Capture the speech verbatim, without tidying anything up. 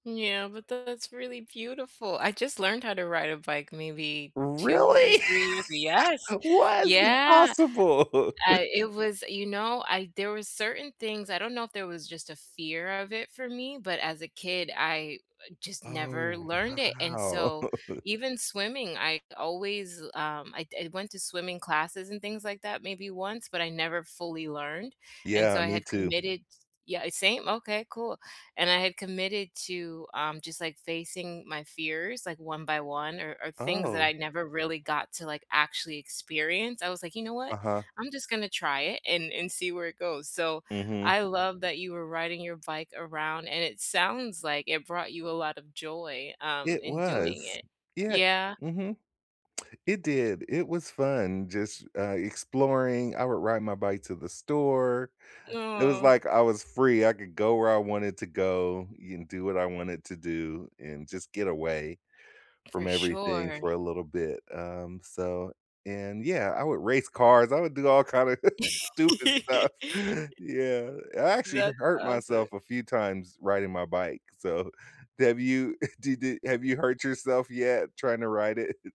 Yeah, but that's really beautiful. I just learned how to ride a bike, maybe two or Really? three years yes! What is Yeah, impossible I it was you know, I there were certain things I don't know if there was just a fear of it, for me, but as a kid, I just never Oh, learned it, and wow. so, even swimming, I always, um, I I went to swimming classes and things like that maybe once, but I never fully learned, and so, Yeah, I me had too. committed t yeah, same, okay, cool and I had committed to, um, just, like, facing my fears, like, one by one or or things that I Oh. never really got to, like, actually experience. I was like, "You know what? Uh-huh. I'm just gonna try it and and see where it goes." So, Mhm. I love that you were riding your bike around, and it sounds like it brought you a lot of joy, um, It in doing was, it. yeah Yeah. mhm. It did It was fun just, uh, exploring. I would ride my bike to the store. It was Aw. like I was free. I could go where I wanted to go, and do what I wanted to do, and just get away from For everything sure. for a little bit, um, so and, yeah, I would race cars. I would do all kind of stupid stuff, yeah. I actually That's hurt awesome. myself a few times riding my bike. So, have you did it have you hurt yourself yet, trying to ride it?